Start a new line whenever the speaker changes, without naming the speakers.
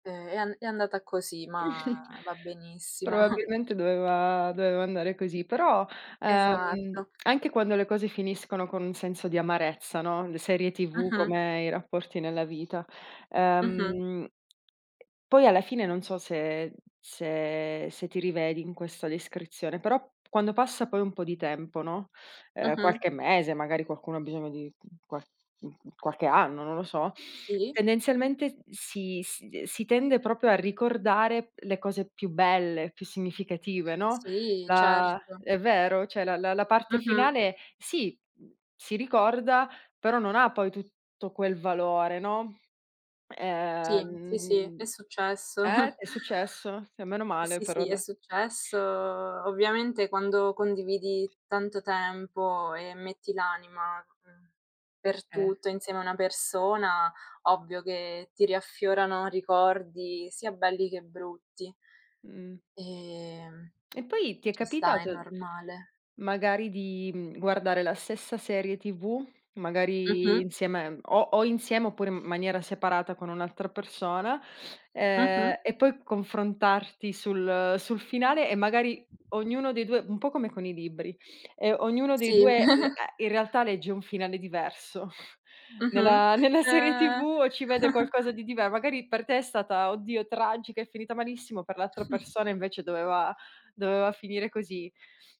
Eh, è an è andata così, ma va benissimo.
Probabilmente doveva doveva andare così. Però, ehm,
Esatto.
anche quando le cose finiscono con un senso di amarezza, no, le serie TV
Mh-mh.
come i rapporti nella vita,
Mh-mh.
ehm, poi alla fine non so se se se ti rivedi in questa descrizione, però quando passa poi un po' di tempo, no, ehm,
Mh-mh.
qualche mese, magari qualcuno ha bisogno di qual mhmm, qualche anno, non lo so,
Sì.
tendenzialmente s si s ehm, si tende proprio a ricordare le cose più belle, più significative, no,
Sì,
la
certo.
è vero, cioè la la la parte
Mh-mh.
finale sì, si ricorda, però non ha poi tutto quel valore, no,
Sì, sì, sì, è
ehm
successo.
eh? È successo? E menomale,
Sì,
però
sì, è
da
successo, ovviamente quando condividi tanto tempo e metti l'anima, mhmm, per
Eh.
tutto insieme a una persona, ovvio che ti riaffiorano ricordi sia belli che brutti.
Mh.
Ehm,
E poi ti è
ci sta, è
capitato
normale.
magari di, mhmm, guardare la stessa serie TV, magari
Mh-mh.
insieme o o insieme, oppure in maniera separata con un'altra persona,
Mh-mh.
ehm, e poi confrontarti sul sul finale e magari ognuno dei due un po' come con i libri, ehm, ognuno dei
Sì
due l ehm, in realtà legge un finale diverso
Mh-mh,
nella nella serie TV
eh
o ci vede qualcosa di diver magari per te è stata: "Oddio, tragica, è finita malissimo", per l'altra persona invece doveva doveva finire così?